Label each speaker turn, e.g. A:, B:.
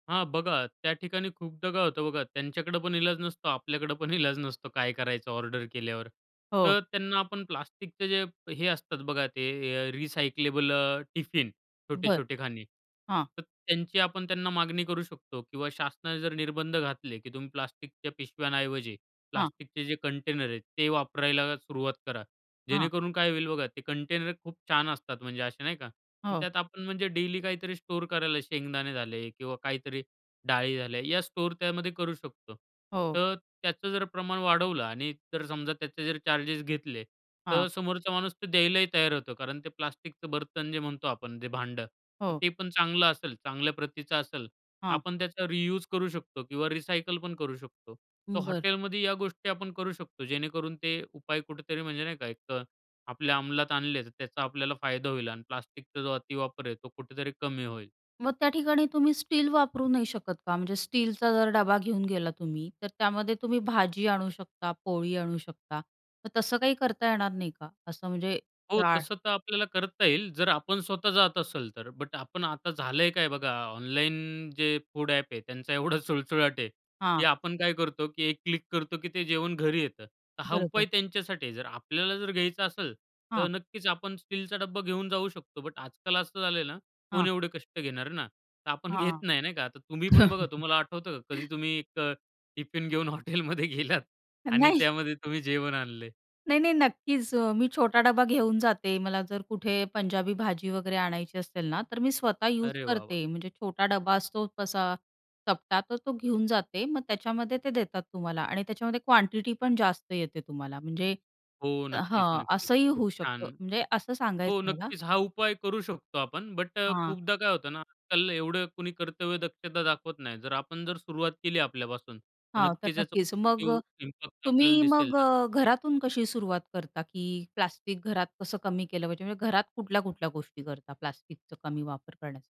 A: हां बघा, त्या ठिकाणी खूपदा काय होतं बघा, त्यांच्याकडे पण इलाज नसतो, आपल्याकडे पण इलाज नसतो काय करायचं ऑर्डर केल्यावर.
B: हो.
A: तर त्यांना आपण प्लास्टिकचे जे, हे असतात बघा ते, अ, रिसायक्लेबल अ, टिफिन,
B: बरं,
A: छोटे-छोटे खाणी.
B: हां.
A: तर त्यांची आपण त्यांना मागणी करू शकतो किंवा शासनाने जर निर्बंध घातले, की तुम्ही प्लास्टिकच्या पिशव्यांऐवजी
B: हां.
A: प्लास्टिकचे जे कंटेनर आहेत, ते वापरायला सुरुवात करा.
B: हां.
A: जेणेकरून काय होईल बघा, ते कंटेनर खूप छान असतात, म्हणजे असे नाही का,
B: हो.
A: त्यात आपण म्हणजे डेली काहीतरी स्टोअर करायला शेंगदाणे झाले किंवा काहीतरी डाळी झाले या स्टोअर त्यामध्ये करू शकतो.
B: हो.
A: तर त्याचं जर प्रमाण वाढवलं आणि जर समजा, त्याचे जर चार्जेस घेतले,
B: हां.
A: तर समोरचा माणूस तो द्यायलाही तयार होतो कारण ते प्लास्टिकचं बर्तन जे म्हणतो आपण, जे भांडं, तर
B: हो.
A: ते पण चांगलं असेल, चांगल्या प्रतीचं असेल.
B: हां.
A: आपण त्याचा रियुज करू शकतो किंवा रिसायकल पण करू शकतो. तर
B: हं, बरं.
A: हॉटेलमध्ये या गोष्टी आपण करू शकतो, जेणेकरून ते उपाय कुठेतरी म्हणजे नाही का एक अ, आपल्या अंमलात आणले, तर त्याचा आपल्याला फायदा होईल आणि प्लास्टिकचा जो अतिवापर आहे, तो कुठेतरी कमी होईल.
B: मग त्या ठिकाणी तुम्ही स्टील वापरू नाही शकत का? म्हणजे स्टीलचा जर डबा घेऊन गेलात तुम्ही तर त्यामध्ये तुम्ही भाजी आणू शकता, पोळी आणू शकता, मग तसं काही करता येणार नाही का? असं म्हणजे,
A: हो,
B: डाळ
A: तसं तर आपल्याला करता येईल. जर आपण स्वतः जात असेल तर. बट आपण आता झालंय काय बघा, ऑनलाईन जे फूड ॲप आहे, त्यांचा एवढा सुळसुळाट आहे, की
B: हां.
A: आपण काय करतो, की एक क्लिक करतो, की ते जेवण घरी येतं. तर हा उपाय
B: बरोबर.
A: त्यांच्यासाठी आहे. जर आपल्याला जर घ्यायचं असेल, तर
B: हां.
A: नक्कीच आपण स्टीलचा डब्बा घेऊन जाऊ शकतो. बट आजकाल असं झालंय ना, कोण
B: हां.
A: एवढे कष्ट घेणार ना? तर आपण घेत
B: हां.
A: नाही नाही का. तर तुम्ही पण बघा, तुम्हाला आठवतं का, कधी तुम्ही एक अ, टिफिन घेऊन हॉटेलमध्ये गेलात आणि
B: नाही.
A: त्यामध्ये तुम्ही जेवण आणलंय?
B: नाही-नाही, नक्कीच अ, मी छोटा डबा घेऊन जाते. मला जर कुठे पंजाबी भाजी वगैरे आणायची असेल ना, तर मी स्वतः यूज
A: अरे वा! वा!
B: करते. म्हणजे छोटा डबा असतो तसा चपटा, तर तो घेऊन जाते, मग त्याच्यामध्ये ते देतात तुम्हाला आणि त्याच्यामध्ये क्वांटिटी पण जास्त येते तुम्हाला. म्हणजे
A: हो, नक्कीच,
B: हां,
A: नक्कीच.
B: असंही
A: खूप
B: होऊ
A: छान!
B: शकतं. म्हणजे असं सांगायचं
A: हो,
B: आहे मला.
A: नक्कीच हा उपाय करू शकतो आपण, बट अ,
B: हां.
A: खूपदा काय होतं ना, आजकाल एवढं कुणी कर्तव्य दक्षता दाखवत नाही. जर आपण जर सुरुवात केली आपल्यापासून, तर
B: हां, तर
A: नक्कीच याचा
B: नक्कीच. मग
A: पॉझिटिव्ह
B: अ,
A: इम्पॅक्ट आपल्याला
B: तुम्ही
A: दिसेल,
B: मग
A: जसं
B: अ,
A: तुम्ही
B: घरातून कशी सुरुवात करता, की प्लास्टिक घरात कसं कमी केलं पाहिजे? म्हणजे घरात कुठल्या-कुठल्या गोष्टी करता प्लास्टिकचा कमी वापर करण्या